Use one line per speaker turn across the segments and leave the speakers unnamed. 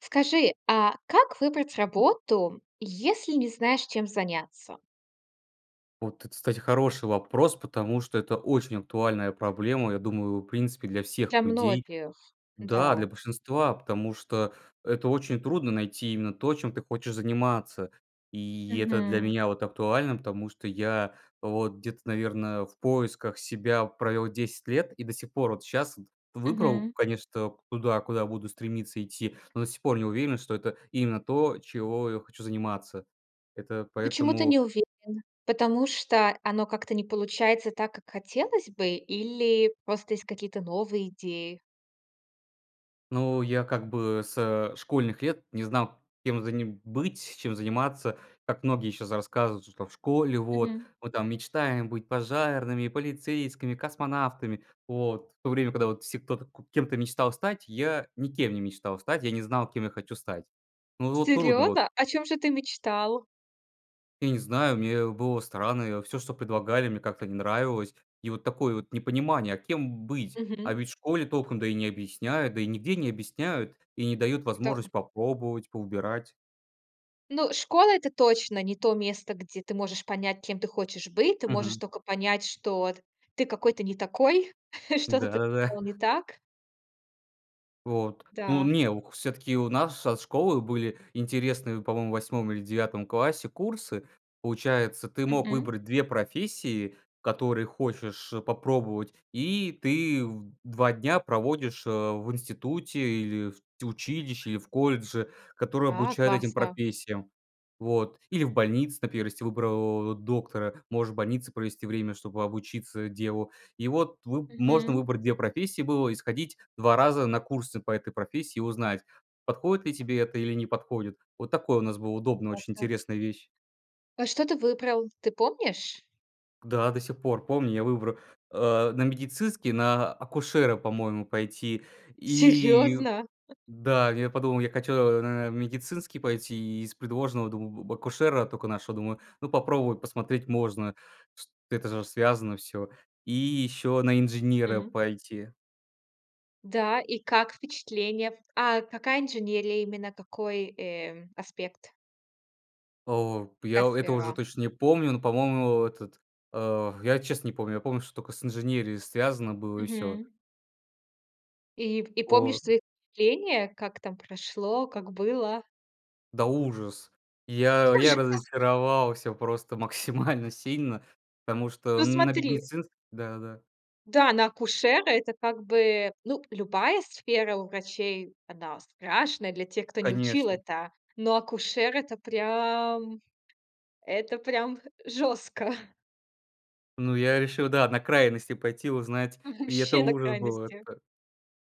Скажи, а как выбрать работу, если не знаешь, чем заняться?
Вот, это кстати, хороший вопрос, потому что это очень актуальная проблема, я думаю, в принципе, для
Для
всех людей.
многих,
Да,
да.
для большинства, потому что, это очень трудно- найти именно то, чем ты хочешь заниматься. И это для
Мгм.
меня, вот, актуально, потому что я, вот, где-то наверное в поисках себя провёл 10 лет и до сих пор, вот, сейчас выбрал,
Мгм.
конечно, куда, куда буду стремиться идти, но до сих пор не уверен, что это именно то, чего я хочу заниматься. Это
Почему ты
поэтому
не уверен, потому что оно как-то не получается так, как хотелось бы, или просто есть какие-то новые идеи?
Ну, я, как бы, со школьных лет не знал кем же мне быть, чем заниматься, как многие сейчас рассказывают, что в школе, вот,
Мгм.
мы там мечтаем быть пожарными, полицейскими, космонавтами. Вот, в то время, когда все, кто кем-то мечтал стать, я никем не мечтал стать, я не знал кем я хочу стать. Ну, вот, трудно, вот
Серьёзно? О чём же ты мечтал?
Я не знаю, мне было странно, всё, что предлагали мне как-то не нравилось, и вот такое вот непонимание, а кем быть? А
Мгм.
ведь в школе толком, да, и не объясняют, да, и нигде не объясняют, и не дают
Да.
возможность попробовать, повыбирать.
Ну школа- это точно не то место, где ты можешь понять, кем ты хочешь быть. Ты можешь
Мгм.
тока понять, что вот, ты какой-то не такой, что-то ты
Да-да-да.
сделал не так.
Вот, ну
Да.
не, у к всё-таки у нас нашей школы были интересные по-моему 8 или 9 классе курсы. Получается, ты мог
Мгм.
выбрать 2 профессии, которые хочешь, э, попробовать, и ты в 2 дня проводишь, а, в институте, или в т училище, и в колледже, который
А,
обучает этим
классно.
профессиям. Вот. Или в больнице, например, если выбрал доктора. Можешь в больнице провести время, чтобы обучиться, э, делу. И вот выб можно
Мгм.
выбрать 2 профессии было и сходить 2 раза на курсы по этой профессии, и узнать, подходит ли тебе это, или не подходит. Вот такое у нас была удобно, очень
Классно.
интересная вещь.
А что ты выбрал, ты помнишь?
Да, до сих пор помню я выбра э, на медицинский, на а акушера, по-моему, пойти. И
Серьёзно?
Да, я подумал: "Я хочу на а медицинский пойти"- и из предложенного, думаю, акушера только нашел. Думаю: "Ну попробовать посмотреть можно, св это же связано всё". И ещё на инженера
Мгм.
пойти.
Да, и как впечатления? А, какая инженерия именно, какой, э, аспект?
О, п я
Какая
у это уже
сфера?
точно не помню, но по-моему этот, э, я честно не помню. Я помню что только с инженерией связано было и всё.
Мгм. И в и
По.
помнишь свои впечатления как там прошло, как было?
Да ужас! Я, я
Ужасно?
разочаровался просто максимально сильно, потому что
Ну
на
смотри
бедницинс да, да.
Да, на акушера- это как бы, ну, любая сфера у врачей- она страшная, для тех кто не учил
Конечно.
это, но акушер- это прям, это прям жёстко.
Ну я решил да на крайности пойти, узнать
Мгм,
и это
вообще на
ужас был!
крайности.
Это,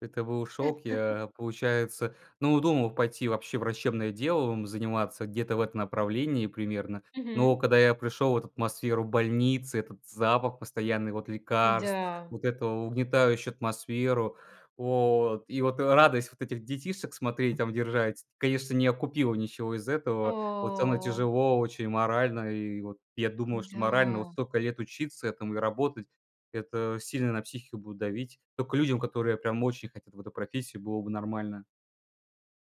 это был шок! Я, получается, ну думал пойти вообще врачебное делом заниматься где-то в этом направлении примерно. Но
Мгм.
когда я пришел вот атмосферу больницы, этот запах постоянный вот лекарств,
М-да.
вот эту угнетающую атмосферу. Вот, и вот радость вот этих детишек смотреть, там держать, конечно, не окупила ничего из этого. Вот там и
О!
тяжело очень морально, и вот я думал, что морально вот
М-да.
столько лет учиться этому и работать это сильно на психику будет давить. Тока людям, которые прям очень хотят в эту профессию, было бы нормально.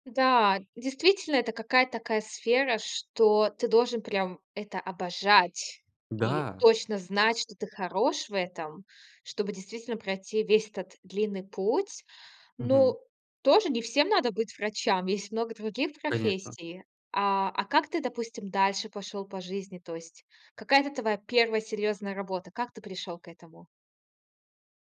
Да, действительно, это какая-то такая сфера, что ты должен прям это обожать, и
Да.
точно знать, что ты хорош в этом, чтобы действительно пройти весь этот длинный путь.
Мгм.
Ну, тоже не всем надо быть врачам. Есть много других
Конечно.
профессий. А, а как ты, допустим, дальше пошел по жизни? То есть какая-то твоя 1 серьезная работа? Как ты пришел к этому?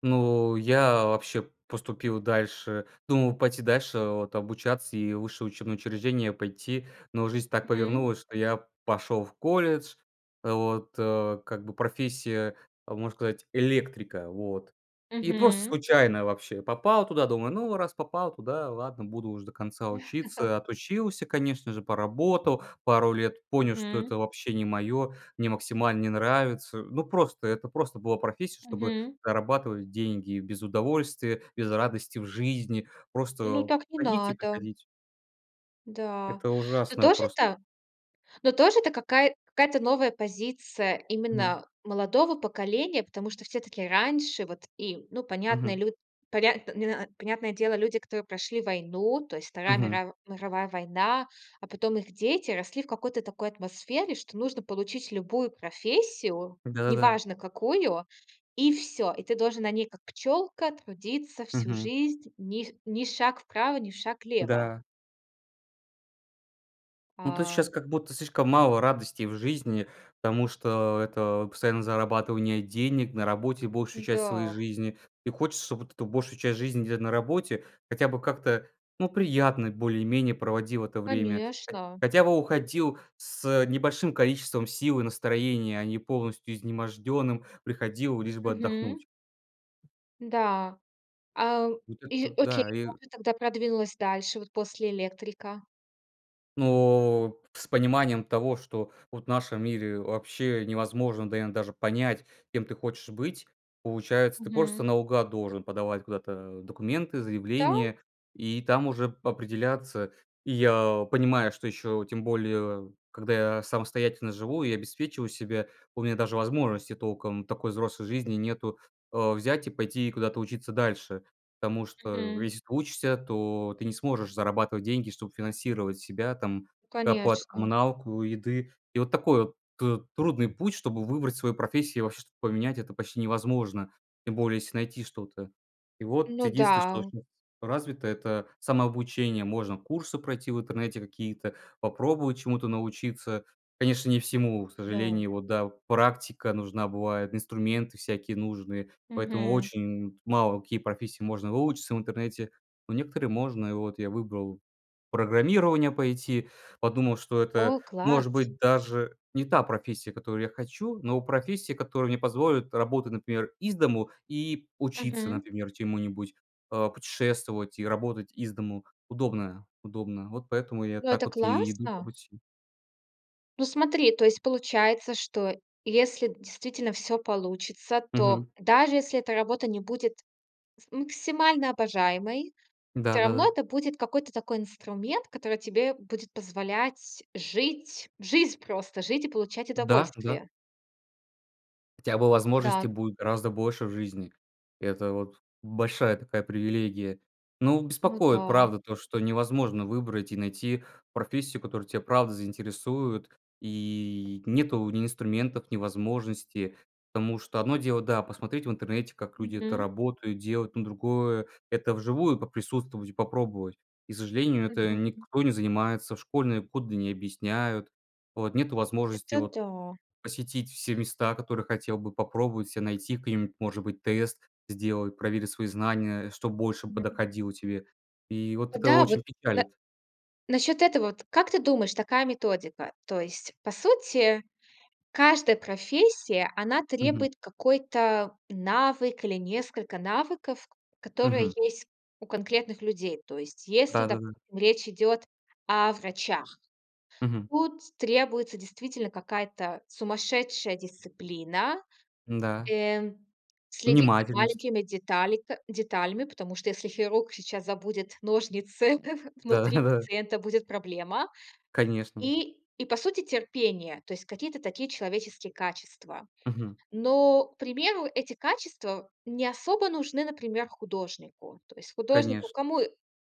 Ну, я вообще поступил дальше. Думал пойти дальше вот обучаться и в высшее учебное учреждение пойти, но жизнь так
Мгм.
повернулась, что я пошел в колледж. Вот, э, как бы профессия, можно сказать, электрика, вот. И просто
Мгм.
случайно вообще попал туда, думаю: "Ну раз попал туда, ладно, буду уж до конца учиться". Отучился, конечно же, поработал пару лет, понял, что
Мгм.
это вообще не мое, мне максимально не нравится. Ну, просто, это просто была профессия, чтобы
Мгм.
зарабатывать деньги: без удовольствия, без радости в жизни.
Ну,
Просто
так не
ходить и
надо.
приходить.
Да.
Это
Но
ужасное
тоже
просто.
та? Но тоже это кака какая-то новая позиция
Мгм.
именно молодого поколения, потому что всё-таки раньше вот и, ну, понятно, и
Мгм.
лю поря не на понятное дело, люди, которые прошли войну, то есть Вторая
Мгм.
мирав мировая война, а потом их дети росли в какой-то такой атмосфере, что нужно получить любую профессию, не
Да-да-да.
важно какую- и всё. И ты должен на ней, как пчёлка, трудиться всю
Мгм.
жизнь, ниф ни шаг вправо, ни в шаг лево.
Да. Ну, то есть
А.
щас как будто слишком мало радостей в жизни, потому что это постоянное зарабатывание денег, на работе большую часть своей
Да.
жизни. И хочется, чтоб вот эту большую часть жизни, где на работе, хотя бы как-то, ну, приятно более-менее проводил это время. Хо
Конечно.
хотя бы уходил с, э, небольшим количеством сил и настроения, а не полностью изможденным приходил лишь бы
Мгм.
отдохнуть.
Да, а,
Вот
и
это,
окей,
да, и
как ты тогда продвинулась дальше, вот после электрика?
Ну, с пониманием того, что вот в нашем мире вообще невозможно, да, иногда даже понять, кем ты хочешь быть. Получается, ты просто
Мгм.
наугад должен подавать куда-то документы,
Да.
заявления- и там уже п определяться. И я понимаю, что еще, тем более когда я самостоятельно живу и обеспечиваю себя, у меня даже возможности толком такой взрослой жизни нету, э, взять и пойти куда-то учиться дальше. Потому что,
Мгм.
если ты учишься, то ты не сможешь зарабатывать деньги, чтобы финансировать себя, там
Ну,
оплату
конечно.
коммуналку, еды. И вот такой ты трудный путь, чтобы выбрать свою профессию и вообще что-то поменять, это почти невозможно, тем более если найти что-то. И вот
Ну
единственное, что
да.
щас развито- это самообучение. Можно курсы пройти в интернете какие-то, попробовать чему-то научиться. Конечно, не всему, к
Да.
сожалению. Вот, да, практика нужна бывает, инструменты всякие нужные. Поэтому
Мгм.
очень мало какие профессии можно выучиться в интернете. Но некоторые можно. И вот я выбрал программирование пойти, подумал, что это,
О,
может
класс!
быть, даже не та профессия, которую я хочу, но профессия, которая мне позволит работать, например, из дому и учиться,
Мгм.
например, чему-нибудь, э, путешествовать и работать из дому удобно, удобно. Вот поэтому я
Ну,
так
это
вот и иду по
классно!
пути.
Ну, смотри, то есть получается, что если действительно всё получится, то,
Мгм.
даже если эта работа не будет с максимально обожаемой, всё равно
Да-да-да.
это будет какой-то такой инструмент, который тебе будет позволять жить в жизнь просто, жить и получать
Да, да.
удовольствие.
Хотя бы возможностей
Да.
будет гораздо больше в жизни. Это вот большая такая привилегия. Ну,
Ну
беспокоит,
да.
правда, то, что невозможно выбрать и найти профессию, которая те, правда, заинтересует, и нету ни инструментов, ни возможности. Потому что одно дело, да, посмотреть в интернете, как люди это
Мгм.
работают, делают, но другое- это вживую поприсутствовать и попробовать. И к сожалению, это
Мгм.
никто не занимается, в школьные годы не объясняют. Вот. Нету возможности
Это
вот
да.
посетить все места, которые хотел бы попробовать ся, найти к ним, может быть, тест, сделать, проверить свои знания, что больше
Мгм.
подоходило тебе. И вот это
Да, вот
очень
на
печалит.
насчёт этого вот, как ты думаешь такая методика: то есть по сути каждая профессия, она
Мгм.
требует какой-то навык или несколько навыков, к которые
Мгм.
есть у конкретных людей. То есть если,
Да-да-да.
допустим, речь идет о врачах,
Мгм.
тут требуется, действительно, какая-то сумасшедшая дисциплина.
Н-да.
Э, следить за
Внимательность.
маленькими деталика деталями, потому что, если хирург сейчас забудет ножницы внутри
Да-да-да.
пациента, будет проблема.
Конечно.
И, и по сути- терпение, то есть какие-то такие человеческие качества.
Мгм.
Но, к примеру, эти качества не особо нужны, например, художнику. То есть художнику
Конечно.
кому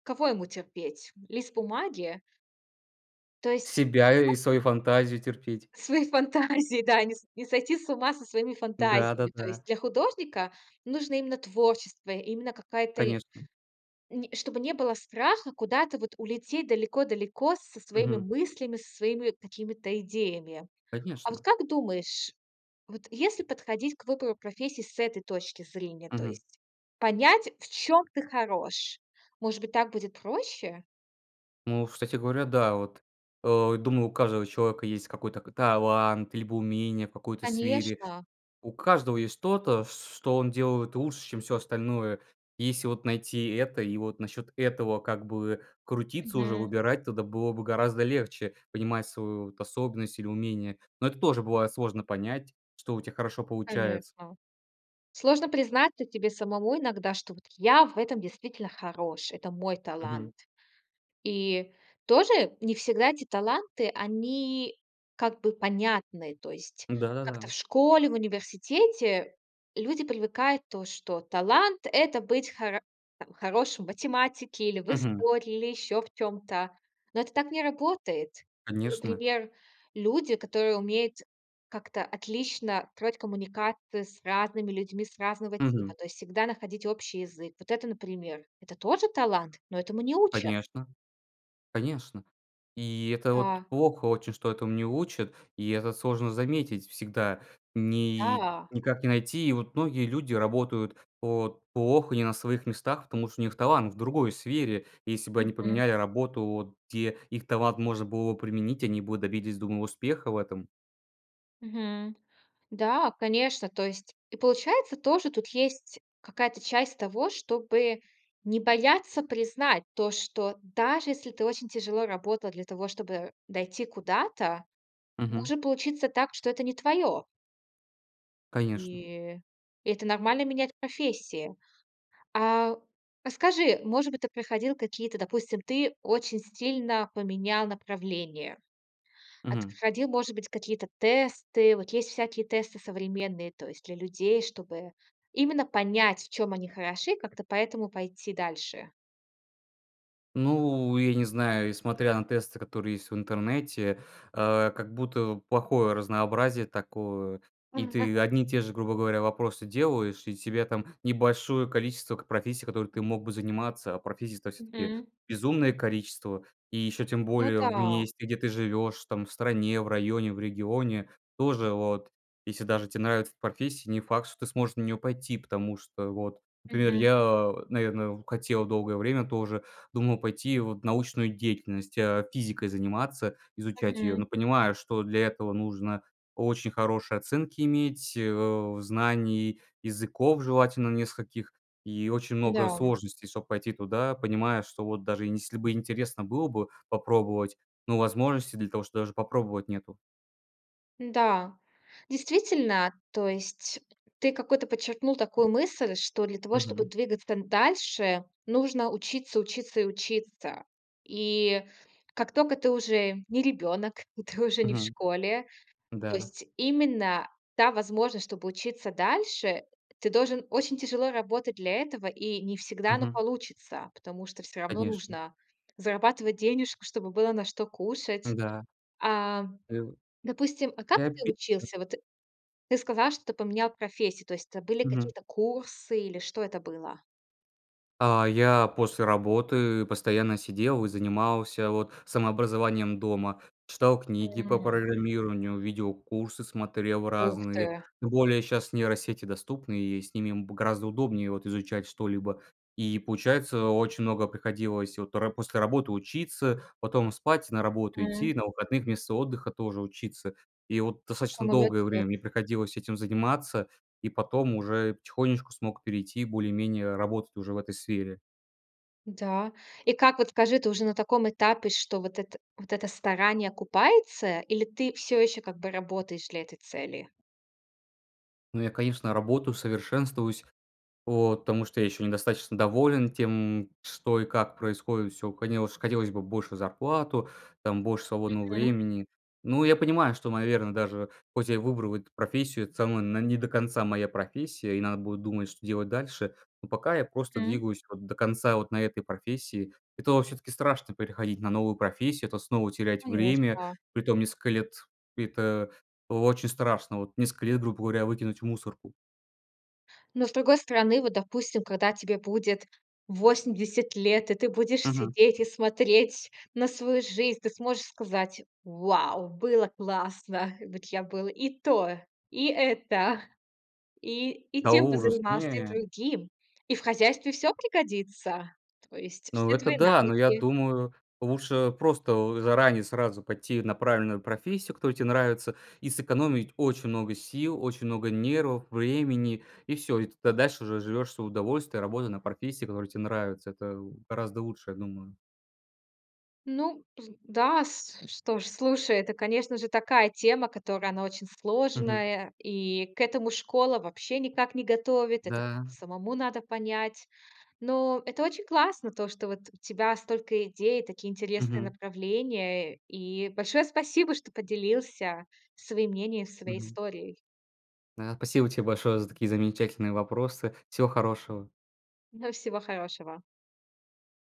кого ему терпеть? Лист бумаги? То есть
Себя и и свою фантазию терпеть.
Свои фантазии, да. Не с не сойти с ума со своими
Да,
фантазиями. То
да-да.
есть для художника нужно именно творчество, именно какая-то и
Конечно.
Не чтобы не было страха куда-то вот улететь далеко-далеко со своими
Мгм.
мыслями, со своими какими-то идеями. А вот
Конечно.
как думаешь, вот если подходить к выбору профессии с этой точки зрения, то
Мгм.
есть понять в чём ты хорош, может быть, так будет проще?
О, кстати говоря, да, вот. Э, думаю, у каждого человека есть какой-то ка талант, либо умение в какой-то сфере.
Конечно.
У каждого есть что-то, ч ч что он делает лучше, чем всё остальное. И если вот найти это и вот насчет этого как бы крутиться уже,
Мгм.
выбирать, тогда было бы гораздо легче понимать свою вот способность или умение. Но это тоже бывает сложно понять, что у тя хорошо получается.
Конечно. Сложно признаться тебе самому иногда, что вот: "Я в этом действительно хорош, это мой талант".
Мгм.
И тоже не всегда эти таланты- они как бы понятны. То есть как-то в
Да-да-да.
школе, в университете люди привыкают, то, что талант- это быть хоро там хорошим в математике или в
Мгм.
истории, или ещё в чём-то. Но это так не работает. И,
Конечно.
например, люди, которые умеют как-то отлично строить коммуникации с разными людьми, с разного типа,
Мгм.
то есть всегда находить общий язык. Вот это, например- это тоже талант, но этому не учат.
Конечно. Конечно. И это вот
Да.
плохо очень, что этому не учат, и это сложно заметить всегда, ни
Да.
никак не найти. И вот многие люди работают вот плохо, не на своих местах, потому что у них талант в другой сфере, если бы они
Мгм.
поменяли работу, вот где их талант можно было б применить, они бы добились, думаю, успеха в этом.
Мгм. Да, конечно, то есть и получается тоже тут есть какая-то часть того, чтобы не бояться признать то, что, даже если ты очень тяжело работал для того, чтобы дойти куда-то,
Мгм.
может получиться так, что это не твое.
Конечно
И это нормально- менять профессии. А, расскажи, может быть, ты проходил какие-то допустим, ты очень стильно поменял направление, а ты
Мгм.
проходил, может быть, какие-то тесты? Вот есть всякие тесты современные, то есть для людей, чтобы именно понять, в чём они хороши, и как-то поэтому пойти дальше.
Ну, я не знаю, несмотря на тесты которые есть в интернете, а, как будто плохое разнообразие такое. И ты одни и те же, грубо говоря, вопросы делаешь, и тебе там небольшое количество к профессий, которыми ты мог бы заниматься. А профессий-то всё-таки
Мгм.
безумное количество, и еще тем
Ну
более в
да.
месте, где ты живешь там в стране, в районе, в регионе. Тоже вот, если даже те нравится эта профессия, не факт что ты сможешь на нее пойти. Потому что вот, например,
Мгм.
я, наверное, хотел долгое время тоже думал пойти вот в научную деятельность, а, физикой заниматься, изучать ее. Но
Мгм.
понимаю, что для этого нужно очень хорошие оценки иметь, э, знаний языков, желательно нескольких, и очень много
Да.
сложностей чтобы пойти туда, понимая, что вот даже если бы интересно было бы попробовать, ну, возможности для того, что даже попробовать, нету.
Да, действительно, то есть ты какую-то подчеркнул
[unintelligible]
такую мысль, что для того, чтобы
Мгм.
двигаться н дальше, нужно учиться, учиться и учиться. И как тока ты уже не ребенок, и ты уже не в
Мгм.
школе, то
Да.
есть именно та возможность, чтобы учиться дальше, ты должен очень тяжело работать для этого, и не всегда оно
Мгм.
получится, потому что всё равно
Конечно.
нужно зарабатывать денежку, чтобы было на что кушать.
Да.
А,
[unintelligible]
допустим, а как
Мне
ты
обидно.
учился? Вот ты сказал, что поменял профессию, то есть это были
Мгм.
какие-то курсы, или что это было?
А, я после работы постоянно сидел, и занимался вот самообразованием дома. Читал книги по
М.
программированию, видеокурсы смотрел
Ух
разные.
ты!
Тем более щас нейросети доступны, и с ними б гораздо удобнее вот изучать что-либо. И получается очень много приходилось вот по ра после работы учиться, потом спать, на работу идти,
М.
на выходных вместо отдыха тоже учиться. И вот
Какой
достаточно
молодец!
долгое время мне приходилось этим заниматься, и потом уже потихонечку смог перейти, более-менее работать уже в этой сфере.
Да, и как вот, скажи ты уже на таком этапе что вот эт вот это старание окупается, или ты все еще как бы работаешь для этой цели?
Ну я, конечно, работаю, совершенствуюсь, вот, потому что я еще недостаточно доволен тем, что и как происходит. Всё хотелось хотелось бы больше зарплату, там больше свободного
Мгм.
времени. Но я понимаю, что наверное даже хоть я и выбрал эту профессию, это самое, она не до конца моя профессия, и надо будет думать, что делать дальше. Но пока я просто
Мгм.
двигаюсь вот до конца вот на этой профессии, это все-таки страшно переходить на новую профессию, это снова терять время,
Конечно.
притом несколько лет, это о очень страшно, вот несколько лет грубо говоря выкинуть в мусорку.
Но, с другой стороны, вот, допустим, когда тебе будет 80 лет, и ты будешь
Мгм.
сидеть и смотреть на свою жизнь, ты сможешь сказать: "Вау! Было классно! Вот я был и то, и это, и и
Да
тем
ужас,
позанимался, и
не!
другим!" И в хозяйстве всё пригодится, то есть
Ну
все
это
твои
да, но я
навыки.
думаю, лучше просто заранее сразу пойти на правильную профессию, которая тебе нравится, и сэкономить очень много сил, очень много нервов, времени, и всё. И тогда дальше уже живешь в свое удовольствие, работая на профессии, которая тебе нравится. Это гораздо лучше, я думаю.
Ну да, что ж, слушай, это, конечно же, такая тема, которая, она очень
Мгм.
сложная, и к этому школа вообще никак не готовит. Это как
Да.
самому надо понять. Но это очень классно то, что вот у тебя столько идей, такие интересные
Мгм.
направления. И большое спасибо, что поделился своим мнением, и своей
Мгм.
историей.
Да, спасибо тебе большое за такие замечательные вопросы, всего хорошего.
Ну всего хорошего!